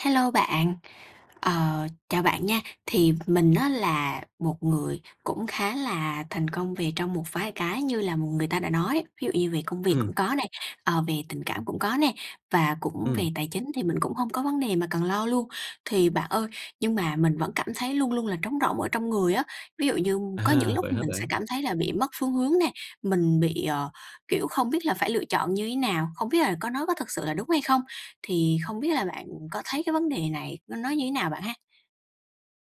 Hello bạn! Ờ, chào bạn nha, thì mình á, là một người cũng khá là thành công về trong một vài cái như là người ta đã nói. Ví dụ như về công việc Ừm. cũng có nè, ờ, về tình cảm cũng có nè, và cũng Ừm. về tài chính thì mình cũng hông có vấn đề mà cần lo luôn. Thì bạn ơi, nhưng mà mình vẫn cảm thấy luôn luôn là trống rỗng ở trong người á. Ví dụ như có những À! lúc Vậy hả mình sẽ bạn? cảm thấy là bị mất phương hướng nè, mình bị, ờ, kiểu, không biết là phải lựa chọn như thế nào, không biết là có nó có thực sự là đúng hay không. Thì không biết là bạn có thấy cái vấn đề này nó nó như thế nào bạn ha?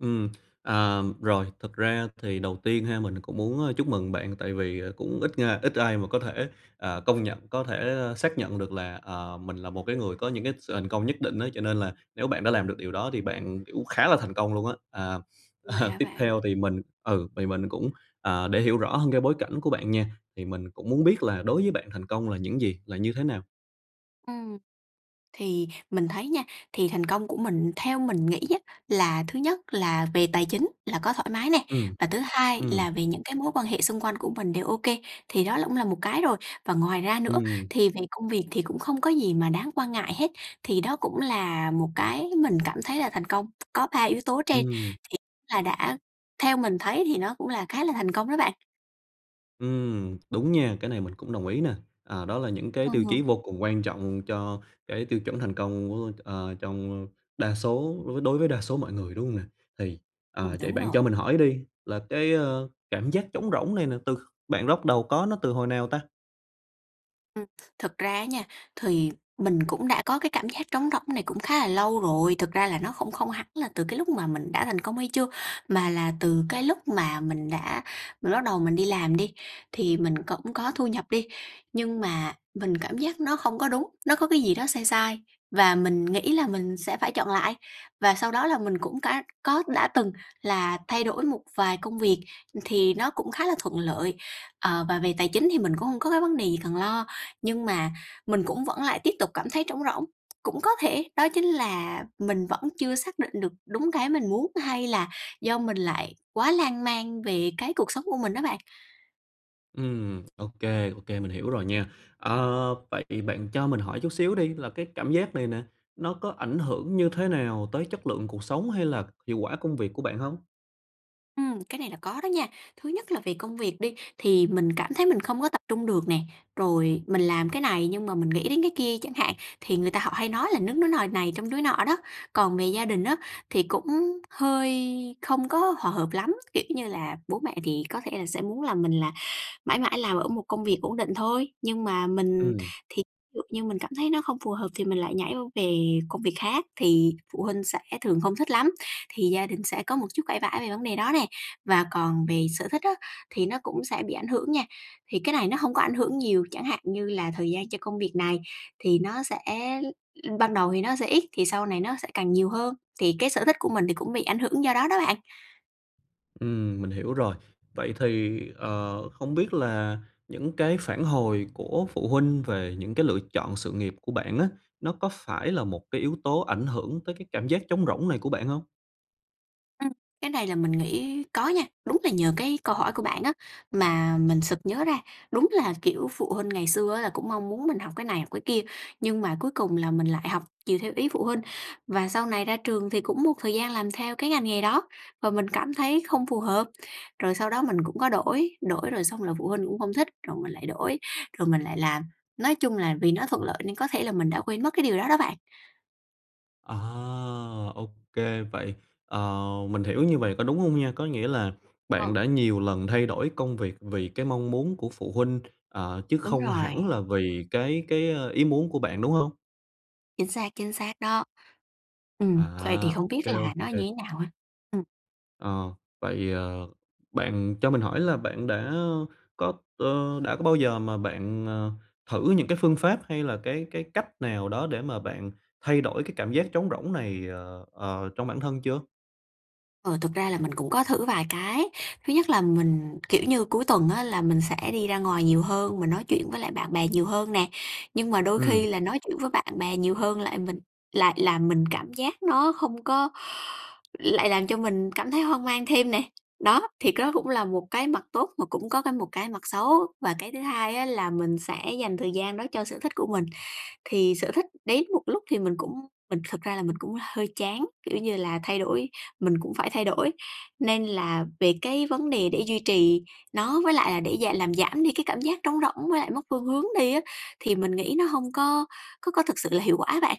Ừm, à. Rồi. Thực ra thì đầu tiên ha, mình cũng muốn chúc mừng bạn tại vì cũng ít nga ít ai mà có thể, ờ, công nhận, có thể xác nhận được là, à, mình là một cái người có những cái sự thành công nhất định á. Cho nên là nếu bạn đã làm được điều đó thì bạn, kiểu, khá là thành công luôn á. À Vậy à, hả Tiếp bạn? theo thì mình ừ, thì mình cũng, à, để hiểu rõ hơn cái bối cảnh của bạn nha, thì mình cũng muốn biết là đối với bạn thành công là những gì, là như thế nào? Ừm. Thì mình thấy nha, thì thành công của mình theo mình nghĩ á, là thứ nhất là về tài chính là có thoải mái nè, Ừm, và thứ hai Ừm. là về những cái mối quan hệ xung quanh của mình đều ô kê. Thì đó cũng là một cái rồi, và ngoài ra nữa Ừm. thì về công việc thì cũng không có gì mà đáng quan ngại hết. Thì đó cũng là một cái mình cảm thấy là thành công, có ba yếu tố trên Ừm. thì là đã theo mình thấy thì nó cũng là khá là thành công đó bạn. Ừm, đúng nha, cái này mình cũng đồng ý nè. À, đó là những cái tiêu Ờ. chí vô cùng quan trọng cho cái tiêu chuẩn thành công của ờ, trong, ơ, đa số với đối với đa số mọi người, đúng hông nè? Thì, Ừm, à, vậy đúng bạn rồi. cho mình hỏi đi là cái, ơ, cảm giác trống rỗng này nè từ kh bạn róc đầu có nó từ hồi nào ta? Ừm, thực ra á nha, thì mình cũng đã có cái cảm giác trống rỗng này cũng khá là lâu rồi. Thực ra là nó không không hẳn là từ cái lúc mà mình đã thành công hay chưa, mà là từ cái lúc mà mình đã mình bắt đầu mình đi làm đi, thì mình cũng có thu nhập đi, nhưng mà mình cảm giác nó không có đúng, nó có cái gì đó sai sai và mình nghĩ là mình sẽ phải chọn lại, và sau đó là mình cũng cá có đã từng là thay đổi một vài công việc thì nó cũng khá là thuận lợi. Ờ, và về tài chính thì mình cũng hông có cái vấn đề gì cần lo, nhưng mà mình cũng vẫn lại tiếp tục cảm thấy trống rỗng, cũng có thể, đó chính là mình vẫn chưa xác định được đúng cái mình muốn hay là do mình lại quá lan man về cái cuộc sống của mình á bạn. Ừm, ô kê, ô kê, mình hiểu rồi nha. Ờ, vậy bạn cho mình hỏi chút xíu đi, là cái cảm giác này nè, nó có ảnh hưởng như thế nào tới chất lượng cuộc sống hay là hiệu quả công việc của bạn hông? Ừm, cái này là có đó nha. Thứ nhất là về công việc đi, thì mình cảm thấy mình không có tập trung được nè, rồi mình làm cái này nhưng mà mình nghĩ đến cái kia chẳng hạn, thì người ta họ hay nói là "đứng nứa nồi này trông núi nọ đó". Còn về gia đình á, thì cũng hơi không có hòa hợp lắm, kiểu như là, bố mẹ thì có thể là sẽ muốn là mình là mãi mãi làm ở một công việc ổn định thôi. Nhưng mà mình Ừm. thì dụ như mình cảm thấy nó không phù hợp thì mình lại nhảy qua về công việc khác, thì phụ huynh sẽ thường không thích lắm, thì gia đình sẽ có một chút cãi vã về vấn đề đó nè. Và còn về sở thích á thì nó cũng sẽ bị ảnh hưởng nha, thì cái này nó hông có ảnh hưởng nhiều, chẳng hạn như là thời gian cho công việc này thì nó sẽ l ban đầu thì nó sẽ ít thì sau này nó sẽ càng nhiều hơn, thì cái sở thích của mình thì cũng bị ảnh hưởng do đó đó bạn. Ừm, mình hiểu rồi. Vậy thì, ờ, không biết là những cái phản hồi của phụ huynh về những cái lựa chọn sự nghiệp của bạn á, nó có phải là một cái yếu tố ảnh hưởng tới cái cảm giác trống rỗng này của bạn hông? Ừ, cái này là mình nghĩ có nha! Đúng là nhờ cái câu hỏi của bạn á, mà mình sực nhớ ra, đúng là, kiểu, phụ huynh ngày xưa á, là cũng mong muốn mình học cái này, học cái kia, nhưng mà cuối cùng là mình lại học chiều theo ý phụ huynh và sau này ra trường thì cũng một thời gian làm theo cái ngành nghề đó. Và mình cảm thấy không phù hợp, rồi sau đó mình cũng có đổi, đổi rồi xong là phụ huynh cũng hông thích, rồi mình lại đổi rồi mình lại làm. Nói chung là vì nó thuận lợi nên có thể là mình đã quên mất cái điều đó đó bạn. À! Ô kê. Vậy, ờ, mình hiểu như vầy có đúng hông nha, có nghĩa là Ờ. bạn đã nhiều lần thay đổi công việc vì cái mong muốn của phụ huynh, ờ, chứ Đúng không rồi. hẳn là vì cái cái, ơ, ý muốn của bạn, đúng hông? Chính xác, chính xác đó! Ừm, vậy thì À! không Ô biết kê, ô là nó kê. như thế nào ha? Ừm. Ờ, vậy, ờ, bạn cho mình hỏi là bạn đã có ờ, đã có bao giờ mà bạn, ờ, thử những cái phương pháp hay là cái cái cách nào đó để mà bạn thay đổi cái cảm giác trống rỗng này, ờ, ờ, trong bản thân chưa? Ờ, thực ra là mình cũng có thử vài cái. Thứ nhất là mình kiểu như cuối tuần á, là mình sẽ đi ra ngoài nhiều hơn, mình nói chuyện với lại bạn bè nhiều hơn nè. Nhưng mà đôi Ừm. khi là nói chuyện với bạn bè nhiều hơn lại mình lại làm mình cảm giác nó không có lại làm cho mình cảm thấy hoang mang thêm nè. Đó, thì cái đó cũng là một cái mặt tốt mà cũng có cái một cái mặt xấu, và cái thứ hai á là mình sẽ dành thời gian đó cho sở thích của mình. Thì sở thích đến một lúc thì mình cũng mình thực ra là mình cũng hơi chán, kiểu như là thay đổi, mình cũng phải thay đổi, nên là về cái vấn đề để duy trì nó với lại là để gi làm giảm đi cái cảm giác trống rỗng với lại mất phương hướng đi á, thì mình nghĩ nó hông có có có thực sự là hiệu quả á bạn.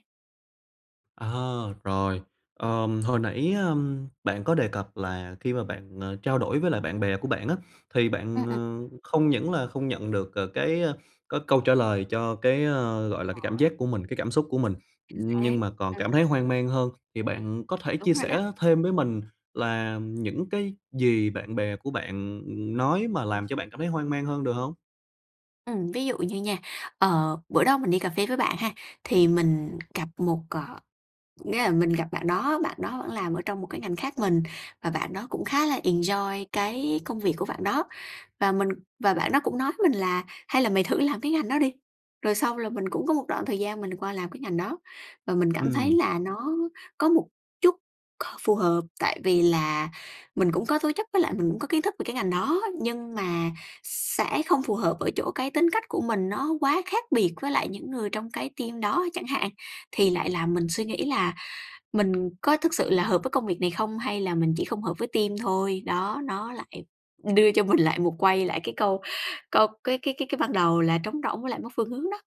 Ờ, rồi. Ờm, hồi nãy, ơ, bạn có đề cập là khi mà bạn, ờ, trao đổi với lại bạn bè của bạn á, thì Ừm, bạn, ừm. ờ, không những là không nhận được c cái, ơ, cái câu trả lời cho cái, ơ, gọi là, cái cảm Mỏi. giác của mình, cái cảm xúc của mình, Chính xác. nhưng mà còn Ừm. cảm thấy hoang mang hơn. Thì bạn có thể chia Đúng rồi đó. sẻ thêm với mình là những cái gì bạn bè của bạn, ừm, nói mà [unintelligible] làm cho bạn cảm thấy hoang mang hơn, được hông? Ừm, ví dụ như nha, ờ, bữa đó mình đi cà phê với bạn ha, thì mình gặp một cờ nghĩa là mình gặp bạn đó, bạn đó bạn làm ở trong một cái ngành khác mình và bạn đó cũng khá là enjoy cái công việc của bạn đó. Và mình và bạn đó cũng nói với mình là "Hay là mày thử làm cái ngành đó đi," rồi sau là mình cũng có một đoạn thời gian mình qua làm cái ngành đó. Và mình cảm thấy Ừm. là nó có một chút k phù hợp tại vì là mình cũng có tố chất với lại mình cũng có kiến thức về cái ngành đó, nhưng mà sẽ không phù hợp ở chỗ cái tính cách của mình nó quá khác biệt với lại những người trong cái team đó, chẳng hạn, thì lại làm mình suy nghĩ là mình có thực sự là hợp với công việc này không hay là mình chỉ không hợp với team thôi. Đó, nó lại đưa cho mình lại một quay lại cái câu câu cái cái cái cái ban đầu là trống rỗng với lại mất phương hướng đó.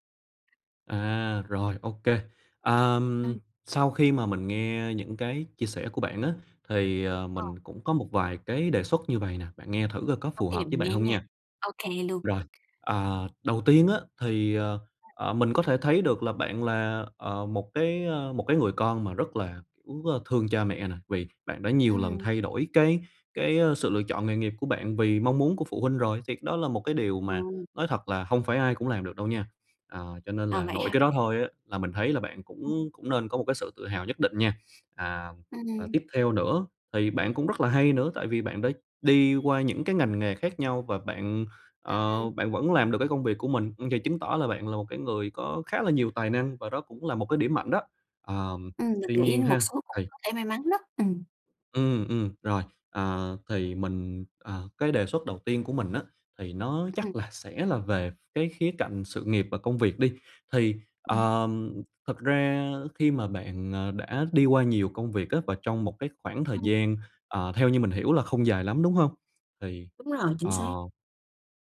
À, rồi, ô kê. Ờm, Ừm. sau khi mà mình nghe những cái chia sẻ của bạn á, thì, ờ, Ờ. mình cũng có một vài cái đề xuất như vầy nè, bạn nghe thử coi có Ô phù kê, hợp với mình bạn nghe hông nha. nha. Ô kê luôn. Rồi, ờ, đầu tiên á thì, ờ, [unintelligible] ờ, mình có thể thấy được là bạn là, ờ, một cái, ơ, một cái người con mà rất là, cũng rất thương cha mẹ nè, vì bạn đã nhiều lần Ừm. thay đổi cái cái, ơ, sự lựa chọn nghề nghiệp của bạn vì mong muốn của phụ huynh rồi, thì cái đó là một cái điều mà Ừm. nói thật là hông phải ai cũng làm được đâu nha. Ờ, cho nên À, là vậy nội hả cái đó bạn? thôi á là mình thấy là bạn [unintelligible] cũng cũng nên có một cái sự tự hào nhất định nha. À, và Ừm. tiếp theo nữa thì bạn cũng rất là hay nữa tại vì bạn đã đi qua những cái ngành nghề khác nhau và bạn, ờ, Ừm. bạn vẫn làm được cái công việc của mình, ừ, vậy chứng tỏ là bạn là một cái người có khá là nhiều tài năng và đó cũng là một cái điểm mạnh đó. Ờm, Ừm, tuy mình nghĩ nhiên một ha, số cũng thì có thể may mắn đó, ừm. Ừm, ừm, rồi. À, thì mình, ờ, cái đề xuất đầu tiên của mình á, thì nó Ừm. chắc là sẽ là về ph cái khía cạnh sự nghiệp và công việc đi. Thì, [unintelligible] ờm, thực ra khi mà bạn, ờ, đã đi qua nhiều công việc á và trong một cái khoảng thời Ừm. gian, ờ, theo như mình hiểu là không dài lắm, đúng hông? Thì, Đúng rồi, chính ờ, xác.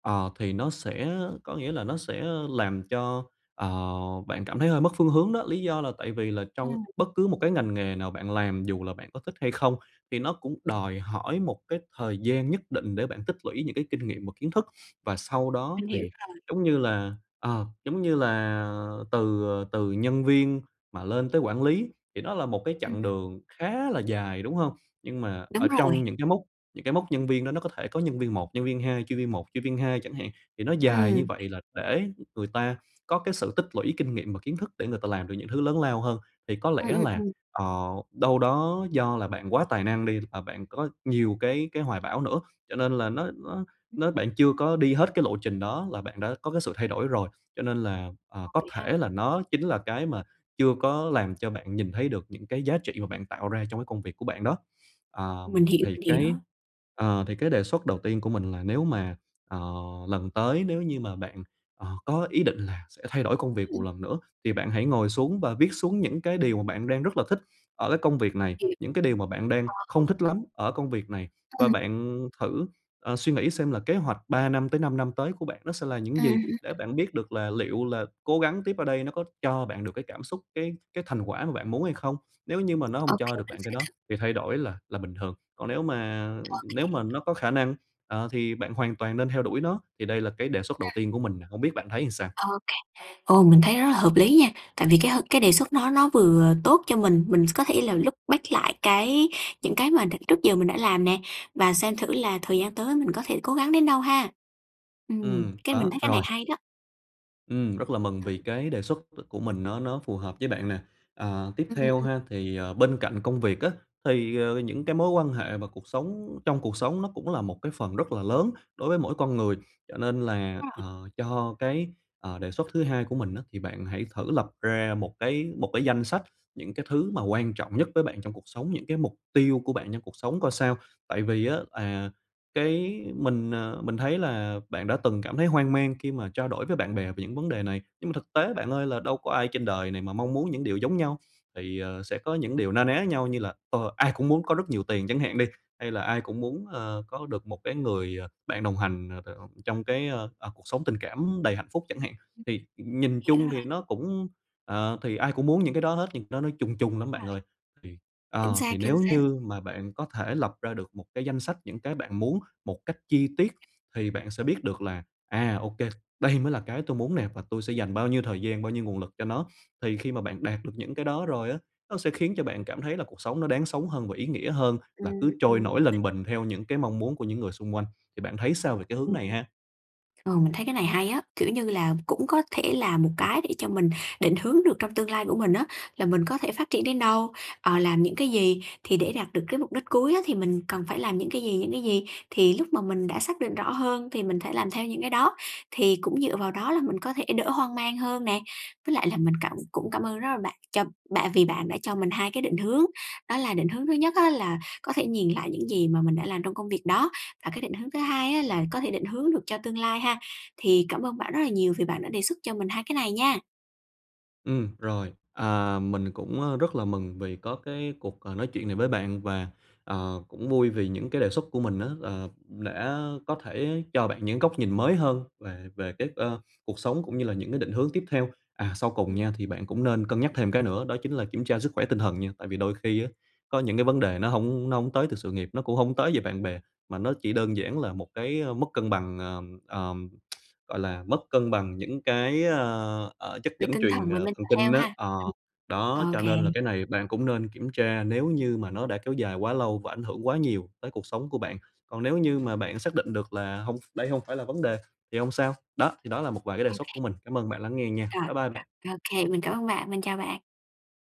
ờ, thì nó sẽ có nghĩa là nó sẽ làm cho, ờ, bạn cảm thấy hơi mất phương hướng đó. Lý do là tại vì là trong Ừm. bất cứ một cái ngành nghề nào bạn làm, dù là bạn có thích hay không, thì nó cũng đòi hỏi một cái thời gian nhất định để bạn tích lũy những cái kinh nghiệm và kiến thức và sau đó Mình hiểu thì rồi. giống như là ờ, giống như là từ từ nhân viên mà lên tới quản lý thì đó là một cái chặng Ừm. đường khá là dài, đúng hông? Nhưng mà ở Đúng rồi! trong những cái mốc những cái mốc nhân viên đó nó có thể có nhân viên 1, nhân viên 2, chuyên viên 1, chuyên viên chẳng hạn, thì nó dài như Ừm. vậy là để người ta có cái sự tích lũy kinh nghiệm và kiến thức để người ta làm được những thứ lớn lao hơn. Thì có Ừ, lẽ ừ, là, ừm. ờ, đâu đó do là bạn quá tài năng đi, ờ, bạn có nhiều cái cái hoài bão nữa, cho nên là nó nó [unintelligible] nó bạn chưa có đi hết cái lộ trình đó là bạn đã có cái sự thay đổi rồi, cho nên là, ờ, À, có vậy ha? thể là nó chính là cái mà chưa có làm cho bạn nhìn thấy được những cái giá trị mà bạn tạo ra trong cái công việc của bạn đó. Mình Ờm, hiểu, thì mình hiểu. cái, ờ, thì cái đề xuất đầu tiên của mình là nếu mà, ờ, lần tới nếu như mà bạn, ờ, có ý định là sẽ thay đổi công việc một Ừm. lần nữa thì bạn hãy ngồi xuống và viết xuống những cái điều mà bạn đang rất là thích ở cái công việc này, Hiểu. những cái điều mà bạn đang không [unintelligible] thích lắm ở công việc này và Ừm. bạn thử, ờ, suy nghĩ xem là kế hoạch 3 năm tới 5 năm tới của bạn nó sẽ là những Ừm, gì ừm, ừm. để bạn biết được là liệu là cố gắng tiếp ở đây nó có cho bạn được cái cảm xúc, cái cái thành quả mà bạn muốn hay không. Nếu như mà nó Ô hông cho kê, được mình bạn cái sẽ đó thử. thì thay đổi là là bình thường, còn nếu mà Ô kê. nếu mà nó có khả năng, ờ, thì bạn hoàn toàn nên theo đuổi nó. Thì đây là cái đề xuất đầu A. tiên của mình nè, hông biết bạn thấy sao? Ô kê, ừ, mình thấy rất là hợp lý nha. Tại vì cái h cái đề xuất nó nó vừa tốt cho mình, mình có thể là look back lại cái những cái mà đ trước giờ mình đã làm nè và xem thử là thời gian tới mình có thể cố gắng đến đâu, ha? Ừm, Ừm, cái này mình có, thấy cái này rồi. hay đó! Ừm, rất là mừng À. vì cái đề xuất, ờ, của mình nó nó phù hợp với bạn nè. Ờ, tiếp Ừm, ừm, theo ừm. ha, thì, à, bên cạnh công việc á, thì, ờ, những cái mối quan hệ và cuộc sống trong cuộc sống nó cũng là một cái phần rất là lớn đối với mỗi con người. Cho nên là, À. ờ, cho cái, ờ, đề xuất thứ hai của mình á, thì bạn hãy thử lập ra một cái một cái danh sách những cái thứ mà quan trọng nhất với bạn trong cuộc sống, những cái mục tiêu của bạn trong cuộc sống coi sao. Tại vì á, à, cái mình, ờ, mình thấy là bạn đã từng cảm thấy hoang mang khi mà trao đổi với bạn bè về những vấn đề này, nhưng mà thực tế bạn ơi, là đâu có ai trên đời này mà mong muốn những điều giống nhau. Thì, ờ, sẽ có những điều na ná nhau như là, ờ, ai cũng muốn có rất nhiều tiền chẳng hạn đi, hay là ai cũng muốn, ờ, có được một cái người, ờ, bạn đồng hành, ờ, t ông trong cái, ơ, ờ, cuộc sống tình cảm đầy hạnh phúc chẳng hạn. Ừm. Thì nhìn Hiểu chung rồi thì nó cũng ờ, thì ai cũng muốn những cái đó hết, nhưng nó nó chung chung lắm Đúng bạn rồi. ơi. Thì, Chính ờ, xác, thì chính nếu xác. như mà bạn có thể lập ra được một cái danh sách những cái bạn muốn một cách chi tiết thì bạn sẽ biết được là, à, ô kê, đây mới là cái tôi muốn nè và tôi sẽ dành bao nhiêu thời gian, bao nhiêu nguồn lực cho nó. Thì khi mà bạn đạt được những cái đó rồi á, nó sẽ khiến cho bạn cảm thấy là cuộc sống nó đáng sống hơn và ý nghĩa hơn Ừm, là cứ ừm, trôi nổi lềnh mình bềnh theo những cái mong muốn của những người xung quanh. Thì bạn thấy sao về cái hướng Ừ. này ha? Ờ, mình thấy cái này hay á, kiểu như là, cũng có thể là một cái để cho mình định hướng được trong tương lai của mình á, là mình có thể phát triển đến đâu, ờ, làm những cái gì, thì để đạt được cái mục đích cuối á thì mình cần phải làm những cái gì, những cái gì. Thì lúc mà mình đã xác định rõ hơn thì mình thể làm theo những cái đó, thì cũng dựa vào đó là mình có thể đỡ hoang mang hơn nè. Với lại là mình cảm cũng cảm ơn rất là bạn cho bạn vì bạn đã cho mình hai cái định hướng. Đó là định hướng thứ nhất á là có thể nhìn lại những gì mà mình đã làm trong công việc đó, và cái định hướng thứ hai á là có thể định hướng được cho tương lai ha. Thì cảm ơn bạn rất là nhiều vì bạn đã đề xuất cho mình hai cái này nha! Ừm, rồi, à, mình cũng, à, rất là mừng vì có cái cuộc, ờ, nói chuyện này với bạn, và, à, cũng vui vì những cái đề xuất của mình á là đã có thể cho bạn những góc nhìn mới hơn về về cái, ờ, cuộc sống cũng như là những cái định hướng tiếp theo. À, sau cùng Ừm. nha, thì bạn cũng nên cân nhắc thêm cái nữa đó chính là kiểm tra sức khỏe tinh thần nha. Tại vì đôi khi á, có những cái vấn đề nó hổng nó hổng tới từ sự nghiệp, nó cũng hông tới về bạn bè mà nó chỉ đơn giản là một cái mất cân bằng, ờ, ờ, gọi là, mất cân bằng những cái, ờ, ờ, chất Về dẫn tinh truyền, thần, về ờ, thần mental kinh health á ha. ờ, Ừm. đó, Ô cho kê. nên là cái này bạn cũng nên kiểm tra, nếu như mà nó đã kéo dài quá lâu và ảnh hưởng quá nhiều tới cuộc sống của bạn. Còn nếu như mà bạn xác định được là hông, đây hông phải là vấn đề thì hông sao. Đó, thì đó là một vài cái đề Ô xuất của kê. mình, cảm ơn bạn lắng nghe nha. Rồi, Bye bye bạn! rồi, ô kê, mình cảm ơn bạn. Mình chào bạn!